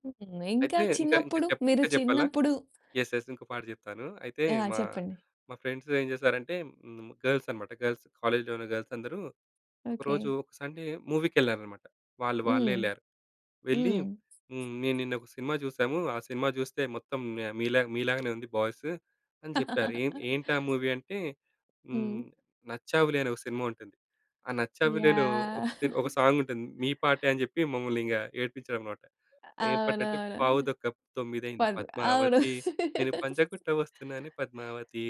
హ్మ్. ఇంకా అయితే, ఇంకా ఇంకా చిన్నప్పుడు? చప్ మీరు ఇంకా చెప్పాలా? చిన్నప్పుడు యెస్. యెస్. ఇంకో పాట చెప్తాను. అయితే, ఆ! మా, చెప్పండి. మా ఫ్రెండ్సేం చేశారంటే, హ్మ్, గర్ల్స్ అనమాట గర్ల్స్. కాలేజ్‌లోన గర్ల్సందరూ ఓకే. ఒకరోజు, ఒక సండే మూవీ‌కేళ్ళారనమాట. వాళ్ళు వాళ్ళే హ్మ్. యెళ్ళారు. వెళ్ళి హ్మ్. హ్మ్, నేను నిన్నొక ఒక సినిమా చూశాము. ఆ సినిమా జూస్తే మొత్తం మె మీలాగా మీలాగానే ఉంది బాయ్స్ అని జెప్పారు. ఏన్ ఏంటా మూవీ అంటే, హ్మ్, హ్మ్. 'నచ్చావులే' అని ఓ సినిమా ఉంటుంది. ఆ 'నచ్చావులే‌'లో ఒక యాహ్! సి ఒక సాంగుంటుంది. మీ పాటే అని చెప్పి మమ్మల్నింక ఏడిపిచ్చాడనమాట. ఏం పాటంటే పావు అవునవును. తొక్క తొమ్మిదయింది పర్ అవును. పద్మావతి, నేను పంజగుట్ట ఒస్తున్నానే పద్మావతి,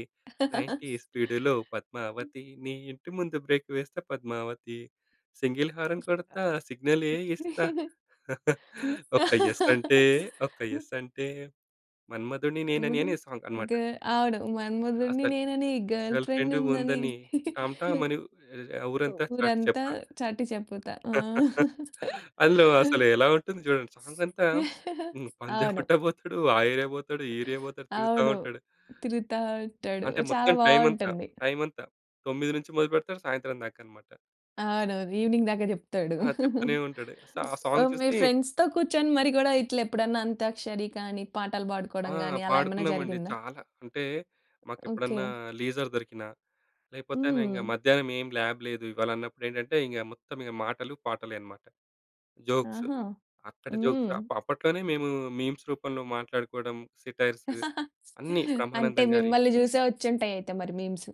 90 స్పీడులో పద్మావతి నీ ఇంటి ముందు బ్రేక్ వేస్తా పద్మావతి, సింగిల్ హార‌న్ కొడతా ఆ! సిగ్నలే ఇస్తా ఒక్క యెస్సంటే, ఒక్క యెస్సంటే, మన్మధుడిని ఆ! ముదు నేననేనే సాంగ్ గ అనమాట. అవును. మన్మధుడిని 'అసలు. నేనని గర్ల్ గర్ల్ ఫ్రెండు ఫ్రెండుందని. ఉందని, టాంటామనీ ఆహ్, ఓ ఊరంతా చాటి ఊరంతా చెప్తా.' చాటి చెపుతా. ఆ! అందులో అసలు ఎలా ఉంటుంది జూడండి, సాంగంతా హ్మ్. అవును. పంజాగుట్ట పోతడు, ఆ ఏరియా పోతడు, ఈ ఏరియా పోతడు, తిరుగుతా అవును. ఉంటడు. తిరుగుతా ఉంటాడు. అంటే, చాలా మొత్తం టైమంతా, బావుంటుంది. టైమంతా. 9 నుంచి మొదలుపెడతాడు సాయంత్రం దాకనమాట. అవునవును. ఈవెనింగ్ దాక జెప్తాడు. ఆ! ఉస్ చెప్తూనే ఉంటాడు, సా ఆ సాంగ్ ఓహ్! మీ చూసి ఫ్రెండ్స్‌తో కూర్చొని మరి గూడా ఇట్లెప్పుడన్నా అంతాక్షరి కానీ, పాటలు ఆ! బాడుకోడం గానీ, అలా ఏమైనా పాడుకున్నామండి జరిగిందా? చాలా. అంటే, మాకెప్పుడన్నా ఓకే. లీజర్ దొరికినా, లేపోతేన ఇంగ హ్మ్. మధ్యానం ఏం ల్యాబ్ లేదు ఇవాళన్నప్పుడేంటంటే, ఇంగా మొత్తం ఇగ మాటలు, పాటలే అనమాట. జోక్స్. ఆహా! అక్కడ హ్మ్. జోక్స్ అప్ అప్పట్లోనే మేమూ మీమ్స్ రూపంలో మాట్లాడుకోడం, సేటైర్స్ అన్నీ అంటే, బ్రహ్మానందం గారియ్యి. మిమ్మల్ని జూసే ఒచ్చుంటయయితే మరి మీమ్స్.